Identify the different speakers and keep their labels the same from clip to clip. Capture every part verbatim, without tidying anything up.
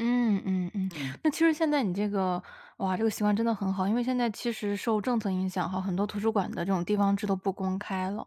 Speaker 1: 嗯嗯嗯，
Speaker 2: 嗯。
Speaker 1: 那其实现在你这个，哇，这个习惯真的很好。因为现在其实受政策影响哈，很多图书馆的这种地方制都不公开了。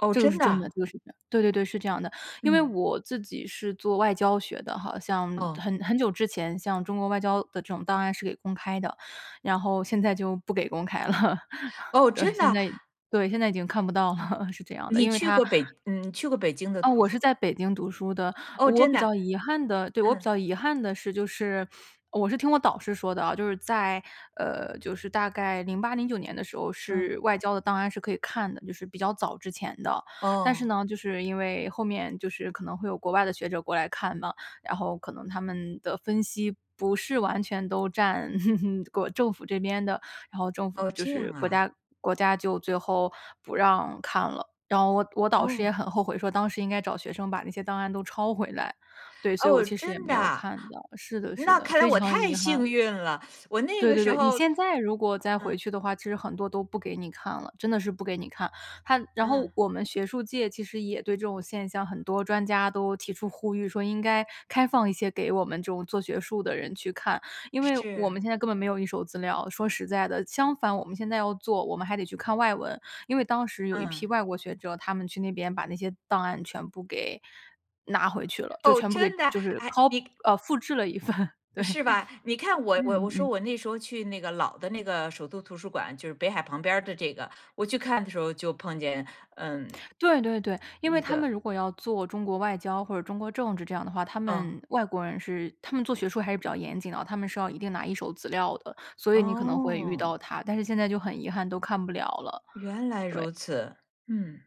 Speaker 2: 哦，
Speaker 1: 这个是
Speaker 2: 真的
Speaker 1: 真
Speaker 2: 啊？
Speaker 1: 的这个是真的，对对对，是这样的。因为
Speaker 2: 嗯。
Speaker 1: 我自己是做外交学的哈，像
Speaker 2: 哦。
Speaker 1: 很很久之前像中国外交的这种档案是给公开的，然后现在就不给公开了，
Speaker 2: 哦，
Speaker 1: 对，
Speaker 2: 真
Speaker 1: 现
Speaker 2: 的？
Speaker 1: 在对，现在已经看不到了，是这样的，
Speaker 2: 你
Speaker 1: 因为
Speaker 2: 去
Speaker 1: 它
Speaker 2: 过北嗯，去过北京的
Speaker 1: 呃，
Speaker 2: 图
Speaker 1: 我
Speaker 2: 书
Speaker 1: 是在北京读书的，
Speaker 2: 哦，
Speaker 1: 我
Speaker 2: 真
Speaker 1: 比
Speaker 2: 的。
Speaker 1: 较遗憾的对，我比
Speaker 2: 嗯。
Speaker 1: 较遗憾的是就是我是听我导师说的哦，就是在，呃，就是大概零八零九年的时候
Speaker 2: 嗯。
Speaker 1: 是外交的档案是可以看的，就是比较早之前的。但是
Speaker 2: 哦。
Speaker 1: 呢就是因为后面就是可能会有国外的学者过来看嘛，然后可能他们的分析不是完全都占 国政府这边的，然后政府
Speaker 2: 哦，
Speaker 1: 就
Speaker 2: 这样
Speaker 1: 是国
Speaker 2: 啊。
Speaker 1: 家国家就最后不让看了。然后我我导师
Speaker 2: 哦。
Speaker 1: 也很后悔说当时应该找学生把那些档案都抄回来，对，所以我
Speaker 2: 哦，
Speaker 1: 其实也
Speaker 2: 真
Speaker 1: 没有
Speaker 2: 的。
Speaker 1: 看到。是的是
Speaker 2: 那
Speaker 1: 的，
Speaker 2: 看来
Speaker 1: 非
Speaker 2: 我
Speaker 1: 常
Speaker 2: 太
Speaker 1: 遗憾。
Speaker 2: 幸运了，我那
Speaker 1: 对
Speaker 2: 个
Speaker 1: 对
Speaker 2: 时
Speaker 1: 对，你
Speaker 2: 候
Speaker 1: 现在如果再回
Speaker 2: 嗯。
Speaker 1: 去的话，其实很多都不给你看了，真的是不给你看。它然后
Speaker 2: 嗯。
Speaker 1: 我们学术界其实也对这种现象，很多专家都提出呼吁说应该开放一些给我们这种做学术的人去看，因为我
Speaker 2: 是。
Speaker 1: 们现在根本没有一手资料，说实在的，相反，我们现在要做，我们还得去看外文。因为当时有一批
Speaker 2: 嗯。
Speaker 1: 外国学者，他们去那边把那些档案全部给拿回去了，就
Speaker 2: 哦，
Speaker 1: 全部
Speaker 2: 真
Speaker 1: 给
Speaker 2: 的，
Speaker 1: 就是
Speaker 2: 诶，
Speaker 1: Co
Speaker 2: 你
Speaker 1: 哦，复制了一份对，
Speaker 2: 是吧，你看我我
Speaker 1: 嗯
Speaker 2: 我说
Speaker 1: 嗯。
Speaker 2: 我那时候去那个老的那个首都图书馆，就是北海旁边儿的这个，我去看的时候就碰见嗯。
Speaker 1: 对对对，因为
Speaker 2: 一
Speaker 1: 他
Speaker 2: 个。
Speaker 1: 们如果要做中国外交或者中国政治这样的话，他
Speaker 2: 嗯。
Speaker 1: 们外国人是他们做学术还是比较严谨的，他们是要一定拿一手资料的，所以你可能会遇
Speaker 2: 哦。
Speaker 1: 到他，但是现在就很遗憾都看不了了，
Speaker 2: 原来
Speaker 1: 对。
Speaker 2: 如此，嗯。